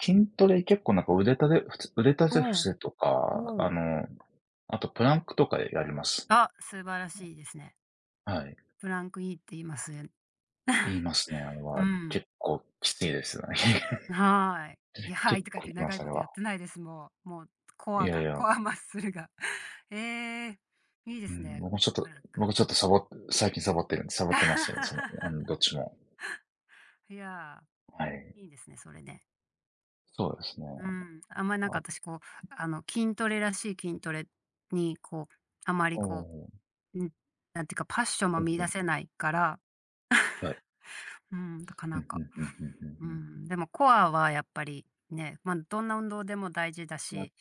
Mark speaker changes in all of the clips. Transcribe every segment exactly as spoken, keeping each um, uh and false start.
Speaker 1: 筋トレ結構なんか腕立てふつ、腕立
Speaker 2: う
Speaker 1: て伏
Speaker 2: ん、
Speaker 1: せとか、
Speaker 2: う
Speaker 1: あ
Speaker 2: ん。
Speaker 1: の、あとプランクとかでやります。
Speaker 2: あ、素晴らしいですね。
Speaker 1: はい。
Speaker 2: プランク良いって言いますえ。
Speaker 1: 言いますね、あれ
Speaker 2: う
Speaker 1: は
Speaker 2: ん。
Speaker 1: 結構きついですよ。
Speaker 2: んはい。い や、はい
Speaker 1: 結
Speaker 2: とか言っ
Speaker 1: 構
Speaker 2: て
Speaker 1: いま
Speaker 2: 長
Speaker 1: す
Speaker 2: い
Speaker 1: そ
Speaker 2: こ
Speaker 1: れ
Speaker 2: と
Speaker 1: は。
Speaker 2: やってないです、もう、もう、コ
Speaker 1: い
Speaker 2: ア
Speaker 1: やい
Speaker 2: が
Speaker 1: や。
Speaker 2: コアマッスルが。ええ、いいで
Speaker 1: う
Speaker 2: す
Speaker 1: ん、
Speaker 2: ね、
Speaker 1: 僕もちょっ
Speaker 2: プ
Speaker 1: と
Speaker 2: ランク。
Speaker 1: 僕ちょっとさぼ最近サボってるサボってますけど、その、うん、どっ ちも。
Speaker 2: いや、
Speaker 1: はい。
Speaker 2: いいですね、それね。
Speaker 1: そうですね。
Speaker 2: うん。あんまりなんか
Speaker 1: あ。
Speaker 2: 私こう、あの筋トレらしい筋トレに、こう、あまり
Speaker 1: お
Speaker 2: こ
Speaker 1: お。
Speaker 2: う、ん、なんていうかパッションも
Speaker 1: ほう
Speaker 2: 見
Speaker 1: ほ
Speaker 2: 出
Speaker 1: う。
Speaker 2: せないから。
Speaker 1: はい。
Speaker 2: うん、だか
Speaker 1: う
Speaker 2: なん
Speaker 1: んう
Speaker 2: か。
Speaker 1: んうんうん
Speaker 2: う
Speaker 1: うんうん。
Speaker 2: ん、でもコアはやっぱり、ね、ま、どんな運動でも大事だ
Speaker 1: ま、
Speaker 2: し、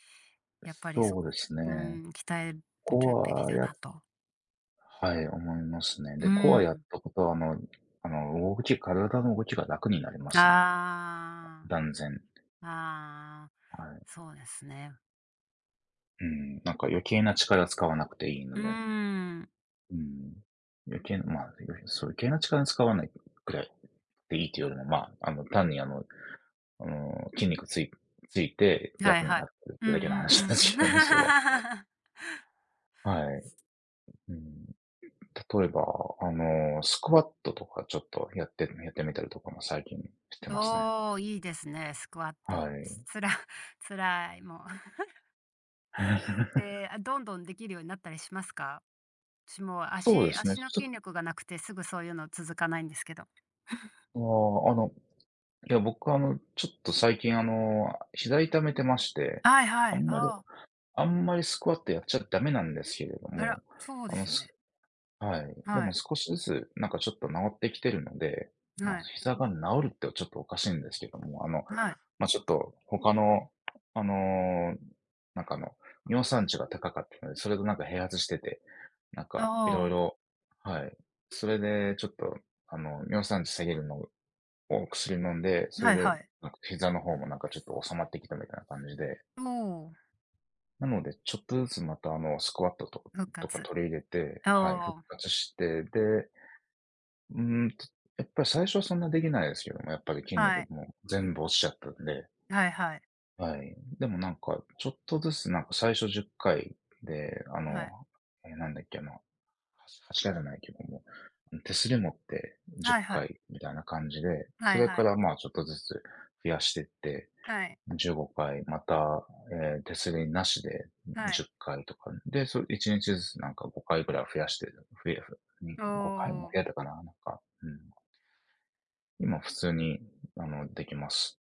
Speaker 2: やっぱりそ
Speaker 1: そう
Speaker 2: こ
Speaker 1: ですね。
Speaker 2: うん、鍛えるとぅ
Speaker 1: コ
Speaker 2: べ
Speaker 1: ア
Speaker 2: き
Speaker 1: は
Speaker 2: だな
Speaker 1: や
Speaker 2: と。
Speaker 1: はい、思いますね。
Speaker 2: う
Speaker 1: でコアやっ
Speaker 2: ん。
Speaker 1: たことはあの、あの動き体の動きが楽になりますね。
Speaker 2: ああ。
Speaker 1: 断然。
Speaker 2: ああ、
Speaker 1: はい。
Speaker 2: そうですね。
Speaker 1: うん。なんか余計な力使わなくていいの
Speaker 2: う
Speaker 1: で。
Speaker 2: ん。
Speaker 1: うん。余計、ま、うん、そう、余計な力に使わないくらいでいいというよりも、まあの単にあの、あの筋肉ついついて
Speaker 2: はい
Speaker 1: 楽に
Speaker 2: は
Speaker 1: な
Speaker 2: い。
Speaker 1: ってるっ
Speaker 2: うん
Speaker 1: て
Speaker 2: う
Speaker 1: だけの話な
Speaker 2: ん
Speaker 1: ん
Speaker 2: うん
Speaker 1: す
Speaker 2: うん。
Speaker 1: けどね、それは。はい。うん。例えばあのスクワットとかちょっとやってるやってみたりとかも最近してますね。
Speaker 2: おお、いいですね、スクワッ
Speaker 1: は
Speaker 2: ト。つ
Speaker 1: い。
Speaker 2: 辛 辛い、もう。で、あどんどんできるようになったりしますか？しもう
Speaker 1: そうで
Speaker 2: 足
Speaker 1: すね、
Speaker 2: 足の
Speaker 1: ちょ
Speaker 2: 筋力がなくて、すぐそういうの続かないんですけど。
Speaker 1: ああ、あの、いや、僕あの、ちょっと最近あの膝痛めてまして、
Speaker 2: はいは
Speaker 1: あ
Speaker 2: い、
Speaker 1: んまり、
Speaker 2: ああ。
Speaker 1: あんまりスクワットやっちゃダメなんですけれど
Speaker 2: あら、
Speaker 1: も、
Speaker 2: そうで
Speaker 1: あの
Speaker 2: すよね。
Speaker 1: すはい、で
Speaker 2: は
Speaker 1: も
Speaker 2: い。
Speaker 1: 少しずつなんかちょっと治ってきてるので、
Speaker 2: は
Speaker 1: ま、
Speaker 2: い。
Speaker 1: 膝が治るってちょっとおかしいんですけども、あの、
Speaker 2: はい。
Speaker 1: ま、ちょっと他のあのなんかあの尿酸値が高かって、それでなんか併発してて、なんか
Speaker 2: あ
Speaker 1: 色
Speaker 2: あ。
Speaker 1: 々はい。それでちょっとあの尿酸値下げるの、を薬飲んで、それ
Speaker 2: はい
Speaker 1: で
Speaker 2: はい。
Speaker 1: なんか膝の方もなんかちょっと収まってきたみたいな感じで。
Speaker 2: おお。
Speaker 1: なので、ちょっとずつまたあのスクワットとか、
Speaker 2: 復
Speaker 1: とか
Speaker 2: 活。
Speaker 1: 取り入れて、はい、復
Speaker 2: おお。
Speaker 1: 活して、で、うん、やっぱり最初はそんなできないですけど。やっぱり筋
Speaker 2: は
Speaker 1: 肉
Speaker 2: い。
Speaker 1: もう、全部落ちちゃったんで。
Speaker 2: はいはい。
Speaker 1: はい、でもなんかちょっとずつなんか最初じゅっかいであの、
Speaker 2: はい。
Speaker 1: え、なんだっけな、はし走らないけども、ん、手すり持ってじゅ
Speaker 2: はい
Speaker 1: っ
Speaker 2: はい。
Speaker 1: かいみたいな感じで、
Speaker 2: は
Speaker 1: そ
Speaker 2: い
Speaker 1: れ
Speaker 2: は
Speaker 1: か
Speaker 2: い。
Speaker 1: らま、ちょっとずつ増やしてって、
Speaker 2: はい。
Speaker 1: じゅうごかい、また、ええ、手すりなしで
Speaker 2: は
Speaker 1: じ
Speaker 2: い。
Speaker 1: ゅっかいとか、で、そ、いちにちずつ何かごかいぐらい増やして、ふえふうん、
Speaker 2: お
Speaker 1: ごかいも
Speaker 2: お。
Speaker 1: 増えたかな、なんか、うん。今、普通にあのできます。